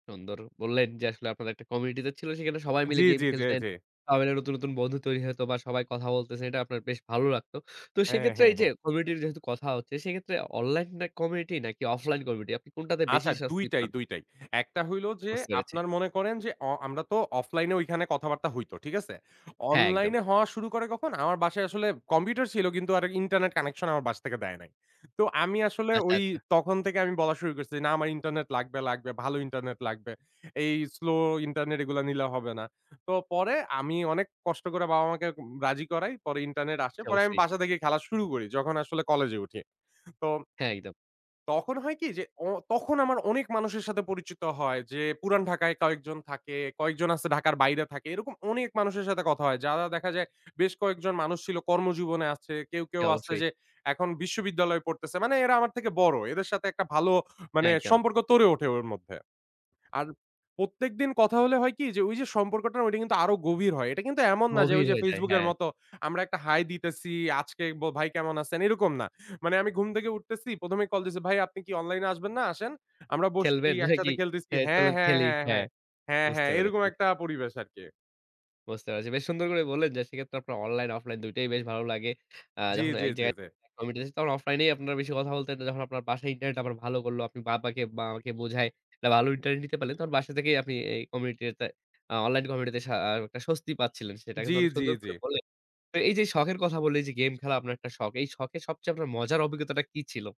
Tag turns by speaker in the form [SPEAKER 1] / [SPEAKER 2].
[SPEAKER 1] সুন্দর বললেন, যে আসলে আপনাদের একটা কমিউনিটি তে ছিল, সেখানে সবাই মিলে
[SPEAKER 2] জ্বী,
[SPEAKER 1] গেম
[SPEAKER 2] জ্বী, জ্বী,
[SPEAKER 1] খেলতেন।
[SPEAKER 2] জ্বী।
[SPEAKER 1] [unintelligible] নতুন, নতুন, বন্ধু তৈরি হয়তবা সবাই কথা বলতেছেন, এটা আপনার বেশ ভালো লাগতো। তো
[SPEAKER 2] হ্যাঁ,
[SPEAKER 1] সেইক্ষেত্রে
[SPEAKER 2] হ্যাঁ,
[SPEAKER 1] এই যে
[SPEAKER 2] হ্যাঁ।
[SPEAKER 1] কমিউনিটির যেহেতু কথা হচ্ছে সেক্ষেত্রে অনলাইন, না কমিউনিটি, নাকি অফলাইন কমিউনিটি, আপনি কোনটাতে বেশি
[SPEAKER 2] আচ্ছা,
[SPEAKER 1] স্বস্তি
[SPEAKER 2] দুইটাই,
[SPEAKER 1] পান?
[SPEAKER 2] দুইটাই। একটা হইল যে,
[SPEAKER 1] বুঝতে পেরেছি।
[SPEAKER 2] আপনারা মনে করেন যে অ আমরা তো অফলাইন এ ঐখানে কথাবার্তা হইত। ঠিক আছে?
[SPEAKER 1] হ্যাঁ, একদম।
[SPEAKER 2] অনলাইন এ হওয়া শুরু করে কখন? আমার বাসায় আসলে কম্পিউটার ছিল, কিন্তু আর ইন্টারনেট কানেকশন আমার বাসা থেকে দেয় নাই। তো আমি আসলে
[SPEAKER 1] আচ্ছা,
[SPEAKER 2] ওই
[SPEAKER 1] আচ্ছা।
[SPEAKER 2] তখন থেকে আমি বলা শুরু করছি, না আমার ইন্টারনেট লাগবে, লাগবে, ভালো ইন্টারনেট লাগবে। এই স্লো ইন্টারনেট এগুলা নিলে হবে না। তো পরে আমি অনেক কষ্ট করে বাবা মাকে উম রাজি করাই, পরে ইন্টারনেট আসে।
[SPEAKER 1] জি,
[SPEAKER 2] পরে আমি
[SPEAKER 1] অবশ্যই।
[SPEAKER 2] বাসা থেকে খেলা শুরু করি যখন আসলে কলেজে উঠি। তো
[SPEAKER 1] হ্যাঁ, একদম।
[SPEAKER 2] তখন হয় কি যে অ তখন আমার অনেক মানুষের সাথে পরিচিত হয়। যে পুরান ঢাকায় কয়েকজন থাকে, কয়েকজন আছে ঢাকার বাইরে থাকে। এরকম অনেক মানুষের সাথে কথা হয়। যারা দেখা যায় বেশ কয়েকজন মানুষ ছিল কর্মজীবনে আছে। কেউ,
[SPEAKER 1] জি,
[SPEAKER 2] কেউ আছে
[SPEAKER 1] অবশ্যই।
[SPEAKER 2] যে এখন বিশ্ববিদ্যালয়ে পড়তেছে। মানে এরা আমার থেকে বড় এদের সাথে একটা মানে ভালো মানে
[SPEAKER 1] হ্যাঁ, একদম।
[SPEAKER 2] সম্পর্ক গড়ে ওঠে ওর মধ্যে। আর প্রত্যেকদিন কথা হলে হয় কি? যে ওই যে সম্পর্কটা ঐটা কিন্তু আরো গভীর হয়। এটা কিন্তু এমন না যে ওই
[SPEAKER 1] গভীর
[SPEAKER 2] যে
[SPEAKER 1] হয়ে যায়
[SPEAKER 2] FaceBook এর
[SPEAKER 1] হ্যাঁ।
[SPEAKER 2] মত আমরা একটা হাই দিতেছি। আজকে ব ভাই কেমন আছেন এরকম না। মানে আমি ঘুম থেকে উঠতেছি ১ম এই কল দিছি ভাই আপনি কি অনলাইন এ আসবেন না? আসেন। আমরা বসছি
[SPEAKER 1] খেলবেন নাকি?
[SPEAKER 2] একসাথে খেলতেছি
[SPEAKER 1] হ্যাঁ,
[SPEAKER 2] হ্যাঁ,
[SPEAKER 1] চলেন
[SPEAKER 2] হ্যাঁ,
[SPEAKER 1] খেলি।
[SPEAKER 2] হ্যাঁ,
[SPEAKER 1] হ্যাঁ,
[SPEAKER 2] হ্যাঁ। হ্যাঁ,
[SPEAKER 1] বুঝতে
[SPEAKER 2] হ্যাঁ, এরকম
[SPEAKER 1] পেরেছি।
[SPEAKER 2] একটা পরিবেশ আরকি।
[SPEAKER 1] বুঝতে পেরেছি। বেশ সুন্দর করে বললেন, যে সেক্ষেত্রে আপনার অনলাইন অফলাইন দুইটাই বেশ ভালো লাগে। আ
[SPEAKER 2] জ্বী,
[SPEAKER 1] যখন
[SPEAKER 2] জ্বী,
[SPEAKER 1] এক
[SPEAKER 2] জ্বী,
[SPEAKER 1] জায়গায়
[SPEAKER 2] জ্বী।
[SPEAKER 1] কমিউটি দিছ তখন অফলাইনেই আপনারা বেশি কথা বলতেন। যখন আপনার বাসায় ইন্টারনেট আবার ভালো করলো, আপনি বাবাকে, বাবা-মাকে বোঝায় একটা ভালো ইন্টারনেট নিতে পারলেন, তখন বাসা থেকেই আপনি এই কমিউনিটিতে আ অনলাইন কমিউনিটিতে শা আ একটা স্বস্তি পাচ্ছিলেন। সেটা
[SPEAKER 2] জ্বী,
[SPEAKER 1] কিন্তু অনেক
[SPEAKER 2] জ্বী,
[SPEAKER 1] সুন্দর করে
[SPEAKER 2] জ্বী।
[SPEAKER 1] বললেন। তো এই যে এই শখের কথা বললেন এই যে, গেম খেলা আপনার একটা শখ। এই যে শখের সবচেয়ে আপনার মজার অভিজ্ঞতাটা কি ছিল?